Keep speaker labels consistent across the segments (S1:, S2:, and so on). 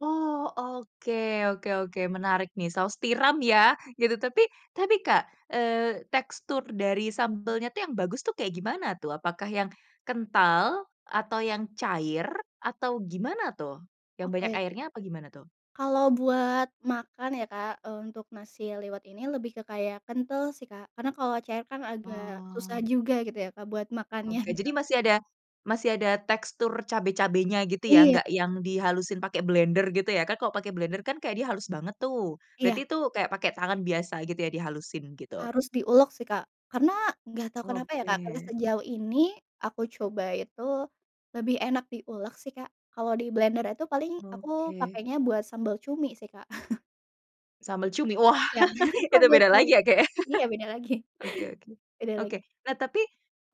S1: Oh, oke oke oke menarik nih saus tiram ya gitu, tapi tapi Kak, eee, tekstur dari sambelnya tuh yang bagus tuh kayak gimana tuh? Apakah yang, kental? Atau yang cair? Atau gimana tuh? Yang banyak
S2: Oke.
S1: airnya apa gimana tuh?
S2: Kalau buat makan ya Kak, eee, untuk nasi liwet ini lebih ke kayak kental sih Kak, karena kalau cair kan agak susah
S1: Oh.
S2: juga gitu ya Kak buat makannya
S1: Oke
S2: gitu.
S1: jadi masih ada masih ada tekstur cabe-cabenya gitu ya,
S2: Iya.
S1: gak yang dihalusin pake blender gitu ya, kan kalo pake blender kan kayak dia halus banget tuh,
S2: Iya.
S1: berarti itu kayak pake tangan biasa gitu ya di halusin gitu.
S2: Harus diulek sih Kak, karena gak tau kenapa ya Kak karena
S1: Oke.
S2: sejauh ini aku coba itu, lebih enak diulek sih Kak, kalau di blender itu paling aku
S1: Oke.
S2: pakainya buat sambal cumi sih Kak.
S1: Sambal cumi wah
S2: Iya
S1: itu
S2: sambal
S1: beda
S2: cumi,
S1: lagi ya Kak ya,
S2: iya beda lagi
S1: oke oke,
S2: beda
S1: oke
S2: lagi.
S1: nah tapi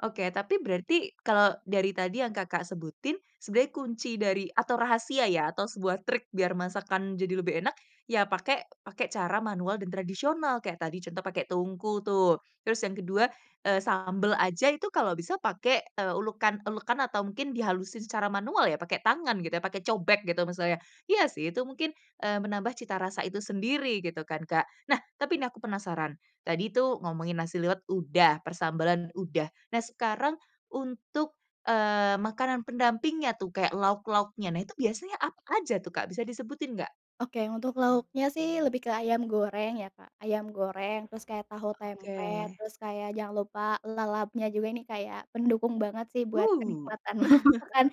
S1: oke tapi berarti kalau dari tadi yang Kakak sebutin, sebenarnya kunci dari atau rahasia ya atau sebuah trik biar masakan jadi lebih enak ya pakai pakai cara manual dan tradisional, kayak tadi contoh pakai tungku tuh, terus yang kedua, eee, sambel aja itu kalau bisa pakai, eee, ulekan-ulekan atau mungkin dihalusin secara manual ya pakai tangan gitu ya, pakai cobek gitu maksudnya iya sih itu mungkin, eee, menambah cita rasa itu sendiri gitu kan Kak. Nah, tapi ini aku penasaran tadi tuh ngomongin nasi liwet udah, persambalan udah, nah sekarang untuk, eee, makanan pendampingnya tuh kayak lauk-lauknya, nah itu biasanya apa aja tuh Kak bisa disebutin nggak?
S2: Oke untuk lauknya sih lebih ke ayam goreng ya Kak, ayam goreng terus kayak tahu tempe,
S1: Oke.
S2: terus kayak jangan lupa lalapnya juga ini kayak pendukung banget sih buat
S1: Wuh.
S2: kenikmatan makan,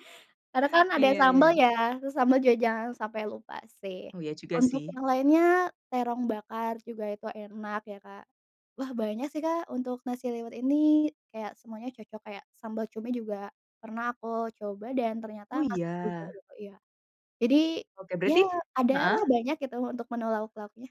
S2: karena kan ada
S1: Iya ya
S2: sambal
S1: ya.
S2: ya, terus sambal juga jangan sampai lupa sih,
S1: Oh iya juga
S2: untuk
S1: sih.
S2: yang lainnya terong bakar juga itu enak ya Kak, wah banyak sih Kak untuk nasi liwet ini kayak semuanya cocok, kayak sambal cumi juga pernah aku coba dan ternyata
S1: Oh
S2: masuk juga
S1: iya.
S2: gitu iya, jadi
S1: Oke
S2: ya
S1: berarti
S2: adalah
S1: heeh?
S2: banyak gitu untuk menu lauk-lauknya.